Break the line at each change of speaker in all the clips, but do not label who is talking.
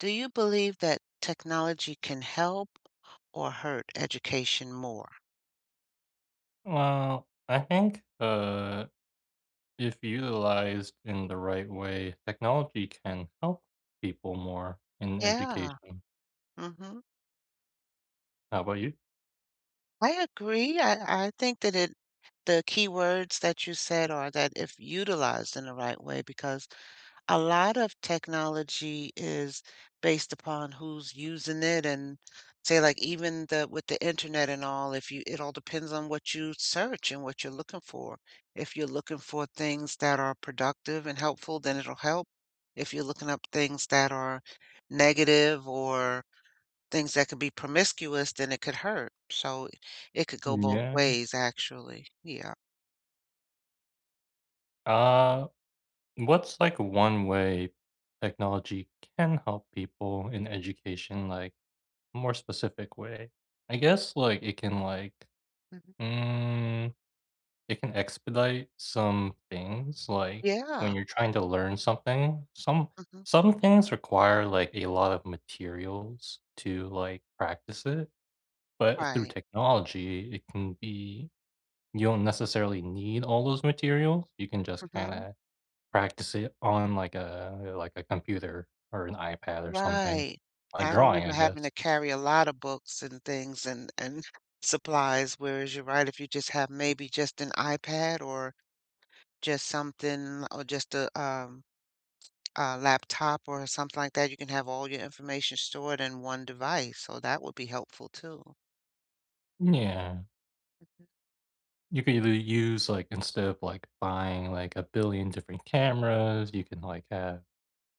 Do you believe that technology can help or hurt education more?
Well, I think, uh, if utilized in the right way, technology can help people more in
Yeah.
education.
Mhm.
How 'bout you?
I agree I I think that it the keywords that you said are that "if utilized in the right way," because a lot of technology is based upon who's using it and say like even the with the internet and all, if you it all depends on what you search and what you're looking for- if you're looking for things that are productive and helpful, then it'll help; if you're looking up things that are negative or things that could be promiscuous, then it could hurt; so, it could go
Mm,
both
yeah.
ways actually. Yeah.
Uh, what's like one way technology can help people in education, like, more specific way? I guess, like, it can like,
Mhm.
mm, it can expedite some things, like, when
Yeah.
you're trying to learn something. Some
Mhm.
some things require, like, a lot of materials to, like, practice it, but through
Right.
technology, it can be you don't necessarily need all those materials, you can just
Mhm.
kinda practice it on, like, a, like, a computer or an iPad or something.
Right.
Like,
I
drawing,
remember
I
having
guess.
to carry a lot of books and things and and supplies, whereas you're right, if you just have maybe just an iPad or just something or just a um, a laptop or something like that, you can have all your information stored in one device, so that would be helpful too.
Yeah.
Mhm.
You can either use like, instead of, like, buying, like, a billion different cameras, you can, like, have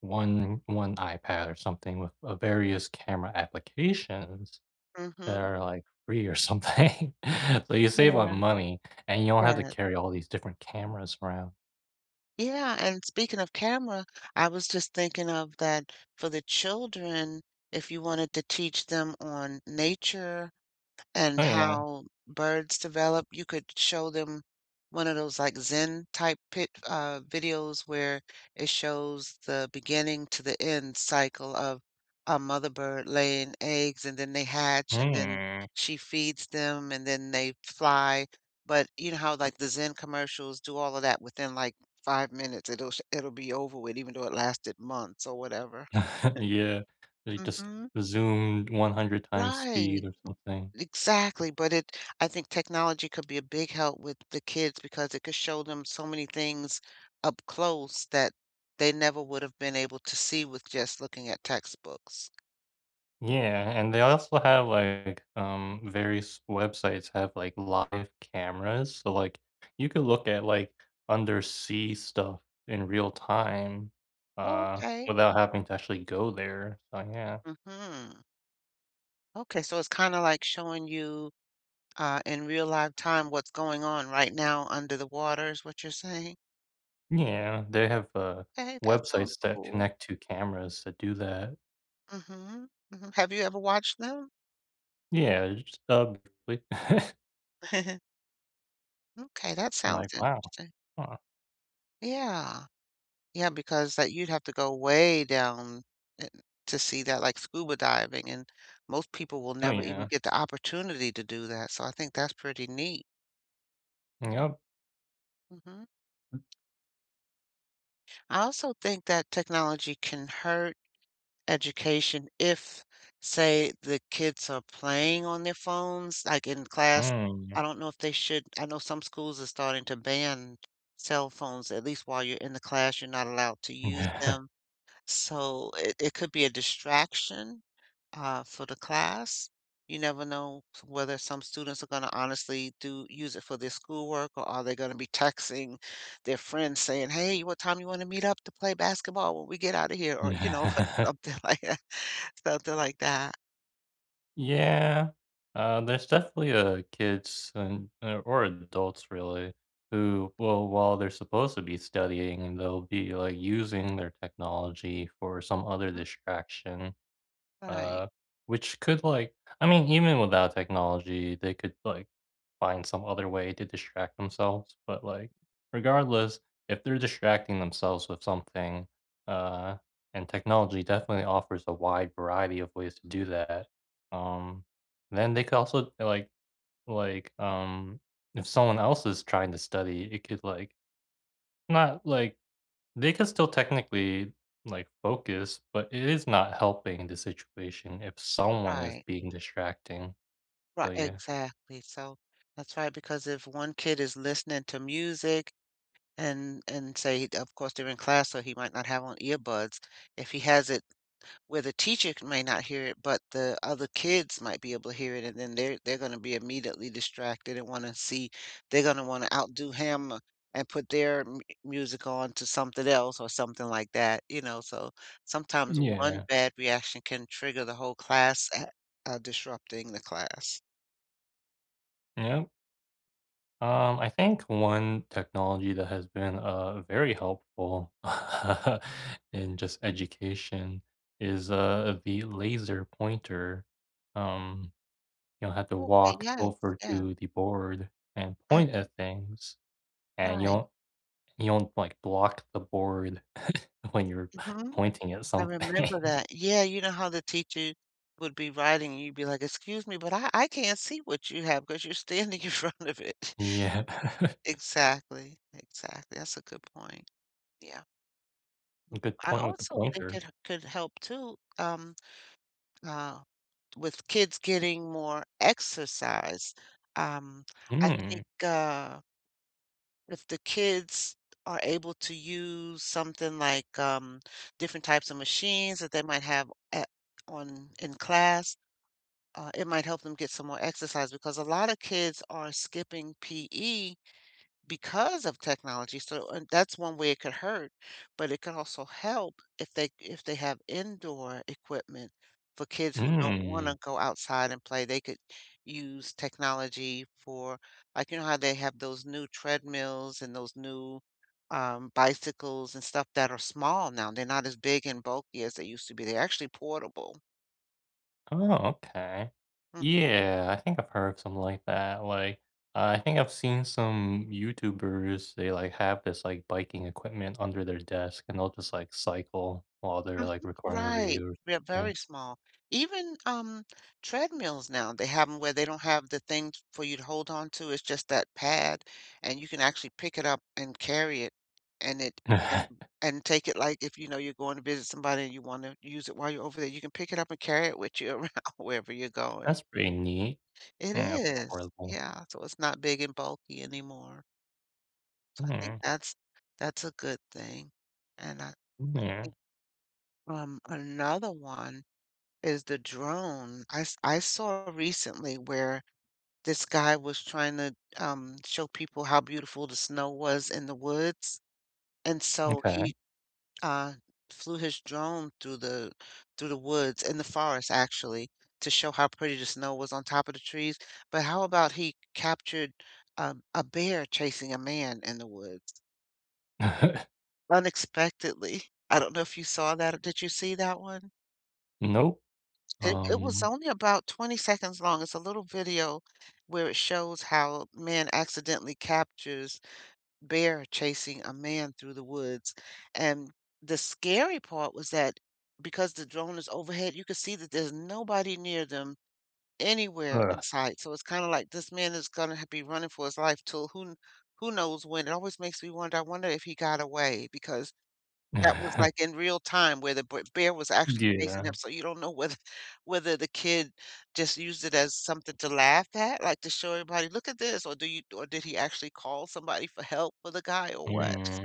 one one iPad or something with, uh, various camera applications that
Mhm.
are, like, free or something, so you save a lot
Yeah.
of money, and you don't have to
That.
carry all these different cameras around.
Yeah, and speaking of camera, I was, just, thinking of that, for the children, if you wanted to teach them on nature and
Oh, yeah.
how birds develop, you could show them one of those, like, zen-type pic uh, videos where it shows the beginning to the end cycle of a mother bird laying eggs, and then they hatch, and then
Hmm.
she feeds them, and then they fly, but, you know, how, like, the zen commercials do all of that within, like, 5 minutes, it'll sh it'll be over with even though it lasted months or whatever.
Yeah. They just
Mhm.
zoomed one hundred-times speed
Right.
or something.
Exactly, but it I think technology could be a big help with the kids because it could show them so many things up close that they never would have been able to see with just looking at textbooks.
Yeah, and they also have like, um, various websites have, like, live cameras. So, like, you could look at, like, undersea stuff in real time,
Oh,
uh,
okay.
without having to actually go there. So, yeah.
Mhm. Okay, so, it's kinda, like, showing you, uh, in real live time what's going on right now under the water is what you're saying?
Yeah, they have, uh,
Hey, that sounds
websites that
cool.
connect to cameras that do that.
Mhm. Mhm have you ever watched them?
Yeah, just, uh, like
Okay, that
I'm, like,
sounds
"Wow.
interesting.
Huh."
Yeah. Yeah, because that you'd have to go way down in to see that, like scuba diving, and most people will
Oh,
never even
yeah.
get the opportunity to do that, so, I think that's pretty neat.
And, yep.
Mhm. I also think that technology can hurt education if, say, the kids are playing on their phones, like in class.
Oh, yeah
I don't know if they should I know some schools are starting to ban cell phones, at least while you're in the class, you're not allowed to use them. So, it it could be a distraction, uh, for the class. You never know whether some students are gonna honestly do use it for their schoolwork, or are they gonna be texting their friends saying, "Hey, what time you wanna meet up to play basketball when we get outta here?" Or, you know,
Yeah.
something like that. Something like that. Mm-mm.
Yeah. Uh, there's definitely, uh, kids and, uh, or adults, really, who will, while they're supposed to be studying and they'll be, like, using their technology for some other
[unintelligible]
distraction.
Right.
Uh, which could, like I mean, even without technology, they could, like, find some other way to distract themselves, but, like, regardless, if they're distracting themselves with something, uh, and technology definitely offers a wide variety of ways to do that, um, then they could also d like like, um, if someone else is trying to study, it could, like not, like they can still technically, like, focus, but it is not helping the situation if someone is
Right.
being distracting.
Ri
So, yeah.
exactly, so that's right, because if one kid is listening to music, and and say of course, they're in class, so he might not have on earbuds. If he has it where the teacher c may not hear it, but the other kids might be able to hear it, and then they're they're gonna be immediately distracted and wanna see they're gonna wanna outdo him, and put their m music on to something else, or something like that, you know? So, sometimes
M
one
yeah.
bad reaction can trigger the whole class, a uh, disrupting the class.
Yep. Um, I think one technology that has been, uh, very helpful, uh, in just, education is, uh, the laser pointer. Um, you don't have to
Okay,
walk
yes,
over
F.
to the board and
Uh
point at things, and you
Right.
won't you won't, like, blocked the board when you're
Mhm.
pointing at
I
something.
remember that. Yeah, you know how the teacher would be writing and you'd be like, "Excuse me, but I I can't see what you have, 'cause you're standing in front of it."
Yeah.
Exactly. Exactly, that's a good point. Yeah.
Good
I
point with the
also think
pointer.
it h could help too, um, uh, with kids getting more exercise. Um, I
Mm.
think, uh if the kids are able to use something, like, um, different types of machines that they might have at on in class, uh, it might help them get some more exercise, because a lot of kids are skipping PE because of technology, so and that's one way it could hurt, but it could also help, if they if they have indoor equipment for kids who don't want
Mm.
to go outside and play, they could use technology for like, you know how they have those new treadmills, and those new, um, bicycles and stuff that are small now. They're not as big and bulky as they used to be, they're actually portable.
Oh, okay.
Hmm.
Yeah, I think I've heard of something like that, like, I think I've seen some YouTubers, they, like, have this, like, biking equipment under their desk, and they'll, just, like, cycle while they're,
Mhm.
like, recording a
Right.
video or
They're
something.
very small. Even, um, treadmills now, they have 'em where they don't have the thing for you to hold onto it's, just, that pad, and you can actually pick it up and carry it, and it, and and take it, like, if, you know, you're going to visit somebody and you wanna use it while you're over there, you can pick it up and carry it with you around wherever you're going.
That's pretty neat
It
and
is.
portable.
Yeah so, it's not big and bulky anymore. So, I think
[unintelligible]
that's, that's a good thing, and I I
M yeah.
think um, another one is the drone. I s I saw recently where this guy was trying to, um, show people how beautiful the snow was in the woods, and so,
Okay.
he, uh, flew his drone through the through the woods in the forest actually, to show how pretty the snow was on top of the trees, but how about he captured, um, a bear chasing a man in the woods? Unexpectedly. I don't know if you saw that did you see that one?
Nope.
It it was
Um
only about 20 seconds long it's a little video where it shows how man accidentally captures bear chasing a man through the woods, and the scary part was that, because the drone is overhead, you could see that there's nobody near them anywhere
Ugh.
in sight, so it's kinda, like, this man is gonna h be running for his life 'til who kn who knows when it always makes me wonder I wonder if he got away, because that was, like, in real time where the br bear was actually chasing him,
Yeah.
so you don't know whether whether the kid just used it as something to laugh at, like, to show everybody, "Look at this," or do you or did he actually call somebody for help for the guy, or what.
Hmm.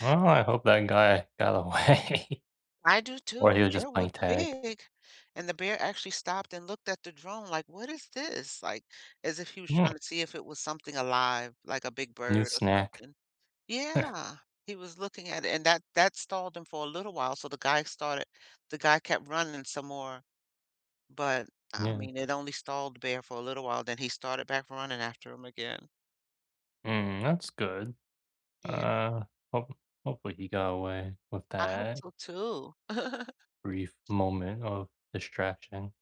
Oh, I hope that guy got away,
I do,
or
too.
he was
The bear
just
was
playing tag.
big, and the bear actually stopped and looked at the drone like, "What is this?" Like, as if he was
Mm.
trying to see if it was something alive, like a big
New
bird or
snack.
something. Yeah. He was looking at it, and that that stalled him for a little while, so the guy started the guy kept running some more. But, I
Yeah.
mean, it only stalled the bear for a little while, then he started back running after him again.
Mm, that's good.
Yeah.
Uh, hope hopefully he got away with
I hope
that
so too.
brief moment of distraction.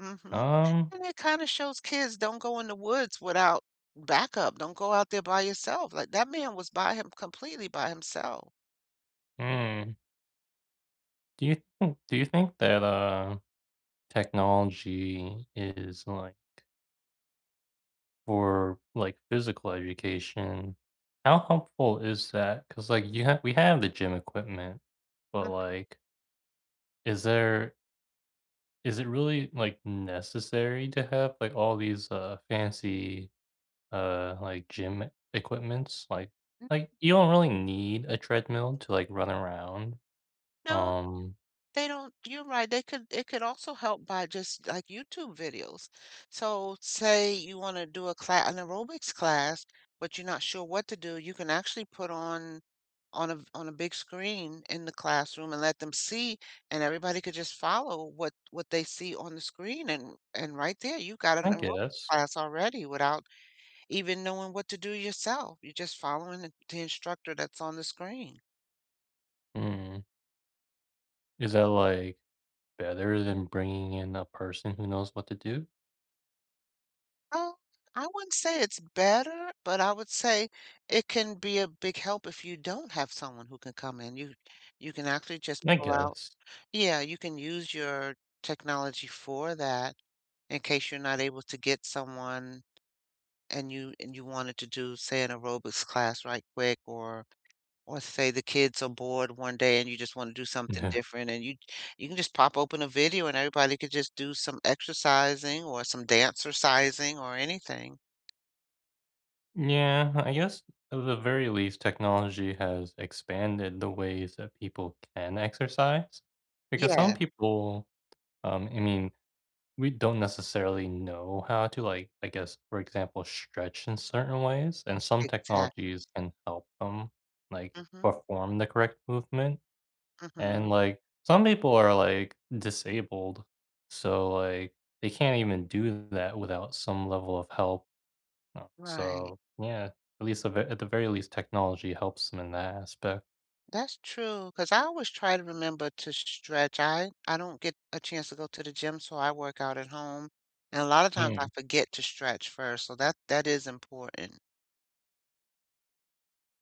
Mhm.
Um
And it kinda shows kids don't go in the woods without backup. Don't go out there by yourself. Like, that man was by him completely by himself.
Mm. Do you think do you think that, uh, technology is, like for, like, physical education, how helpful is that? 'Cause, like, you ha we have the gym equipment, but,
Mhm.
like is there is it really, like, necessary to have, like, all these, uh, fancy, uh, like, gym e equipments? Like
M
like, you don't really need a treadmill to, like, run around.
No.
Um
They don't you're right. They could It could also help by just, like, YouTube videos. So, say you wanna do a cla an aerobics class, but you're not sure what to do, you can actually put on on a v on a big screen in the classroom and let them see, and everybody could just follow what what they see on the screen, and and right there, you got an
I
aerobics
guess.
class already without even knowing what to do yourself. You're just following the t instructor that's on the screen.
Mm. Is that, like, better than bringing in a person who knows what to do?
Well, I wouldn't say it's better, but I would say it can be a big help if you don't have someone who can come in. You you can actually just
I
pull out
guess.
Yeah, you can use your technology for that in case you're not able to get someone and you and you wanted to do, say, an aerobics class right quick or or say the kids are bored one day and you just wanna do something
Yeah.
different and you you can just pop open a video and everybody could just do some exercising or some dancercising or anything.
Mm yeah, I guess, at the very least, technology has expanded the ways that people can exercise, because some
Yeah.
people, um, I mean, we don't necessarily know how to, like, I guess, for example, stretch in certain ways, and some
Exactly.
technologies can help them, like,
Mhm.
perform the correct movement. And,
Mhm.
like, some people are, like, disabled, so, like, they can't even do that without some level of help. Uh,
Right.
so yeah, at least the ver at the very least, technology helps them in that aspect.
That's true, 'cause I always try to remember to s s stretch. I I don't get a chance to go to the gym, so I work out at home, and a lotta times I
Hmm.
forget to stretch first. So that that is important.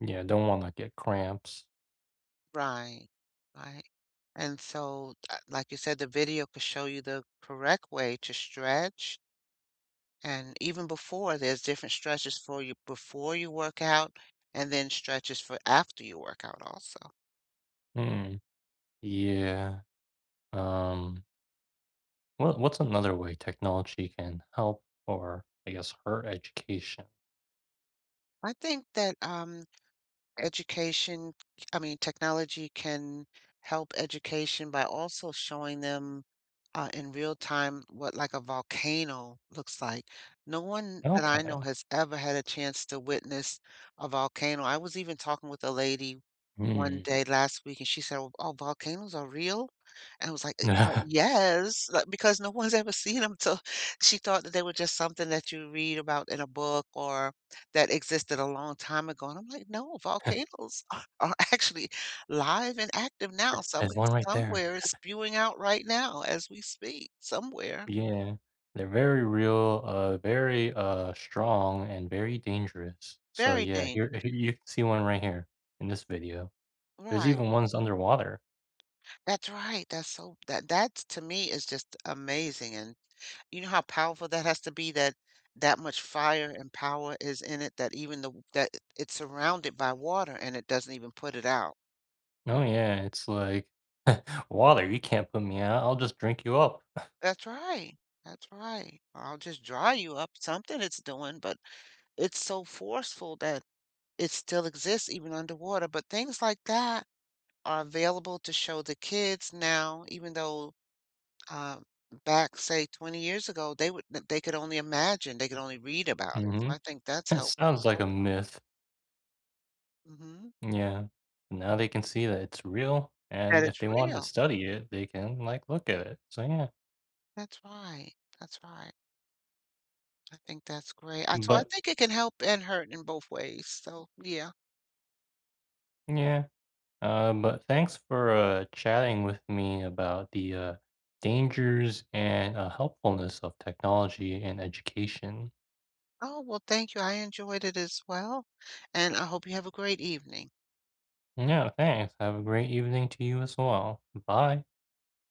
Yeah, don't wanna get cramps.
Right. Right. And so, uh, like you said, the video could show you the correct way to stretch and even before, there's different stretches for you before you work out and then stretches for after you work out also.
Hmm. Yeah. Um what what's another way technology can help or, I guess, hurt education?
I think that, um, education I mean, technology can help education by also showing them, uh, in real time what, like, a volcano looks like. No one that I know
Okay.
has ever had a chance to witness a volcano. I was even talking with a lady 1
Mm.
day last week and she said, "Oh, oh, volcanoes are real?" And I was like, "Uh, ah, yes." Like, because no one's ever seen 'em, to she thought that they were just something that you read about in a book or that existed a long time ago. And I'm like, "No, volcanoes are are actually live and active
Uh
now. Some
There's one right there.
somewhere it's spewing out right now as we speak, somewhere."
Yeah. They're very real, uh, very, uh, strong, and very dangerous. So,
Very
yeah, here
dangerous.
here you see one right here in this video. There's
Right.
even ones underwater.
That's right. That's so that that t to me is just amazing and you know how powerful that has to be that that much fire and power is in it, that even the w that i it's surrounded by water and it doesn't even put it out.
Oh yeah, it's like, "Water, you can't put me out. I'll just drink you up."
That's right. That's right. Or, "I'll just dry you up." Something it's doing, but it's so forceful that it still exists even underwater. But things like that are available to show the kids now, even though, um, back, say, 20 years ago, they would they could only imagine, they could only read about it. So
Mhm.
I think that's
It
helpful
sounds like a
also.
myth.
Mhm.
Yeah. Now they can see that it's real,
That
and if
it's
they want to
real.
study it, they can, like, look at it. So, yeah.
That's right. That's right. I think that's great. I So I
But
think it can help and hurt in both ways. So, yeah.
Yeah. Uh, but thanks for, uh, chatting with me about the, uh, dangers and, uh, helpfulness of technology in education.
Oh, well, thank you. I enjoyed it as well, and I hope you have a great evening.
Yeah, thanks. Have a great evening to you as well. B bye.